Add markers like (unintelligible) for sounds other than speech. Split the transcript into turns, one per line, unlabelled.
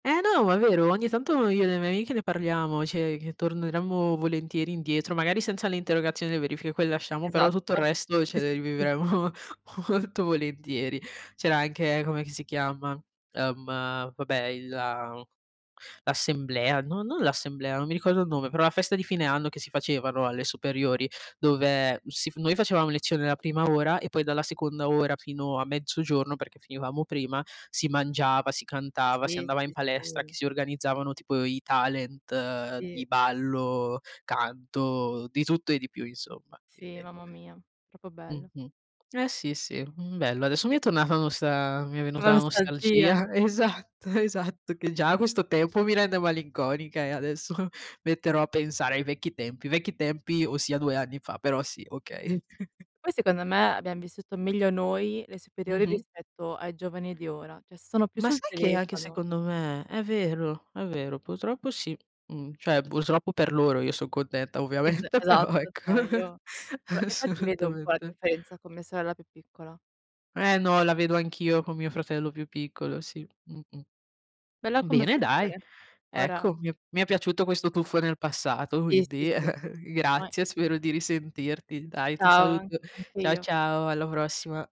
Eh no, ma è vero, ogni tanto io e le mie amiche ne parliamo, cioè che torneremmo volentieri indietro, magari senza le interrogazioni e verifiche, quel lasciamo, però tutto il
Esatto.
resto ce
Sì,
le
sì, sì.
rivivremmo molto volentieri. C'era anche com'è che si chiama; ehm, vabbè il la l'assemblea, no non l'assemblea, non mi ricordo il nome, però la festa di fine anno che si facevano alle superiori, dove si f noi facevamo lezione la prima ora e poi dalla seconda ora fino a mezzogiorno, perché finivamo prima, si mangiava, si cantava, si
Sì.
andava in
Sì,
palestra, che
sì.
si organizzavano tipo i talent di
Sì.
ballo, canto, di tutto e di più insomma.
Sì,
(unintelligible)
mamma mia; proprio bello.
Mh-mh. Eh sì, sì, mh, bello. Adesso mi è tornata la nosta mi è venuta
La
la
nostalgia.
nostalgia. Esatto, esatto che già questo tempo mi rende malinconica e adesso (chuckles) metterò a pensare ai vecchi tempi; vecchi tempi ossia 2 anni fa, però sì, okay. (chuckles)
Poi secondo me abbiam vissuto meglio noi le superiori
Mh-mh.
rispetto ai giovani di ora, cioè sono più
Ma
sul
sai che anche
telefono.
secondo me. È vero, è vero, purtroppo sì. Mhmm, cioè purtroppo per loro, io son contenta
Es
ovviamente, però
esatto,
ecco.
cioè
(chuckles)
io fa infatti vedo un po' la
Assolutamente.
differenza con mia sorella più piccola.
Eh no, la vedo anch'io con mio fratello più piccolo, sì, mh-mh.
Bella
Bene dai,
conversazione. Ora
ecco,
mh.
mi è mi è piaciuto questo tuffo nel passato,
Sì, sì,
quindi
sì.
(chuckles)
Vai.
grazie, spero di risentirti. Dai, ti
Ciao, an
saluto.
anche
Ciao
io.
ciao, alla prossima.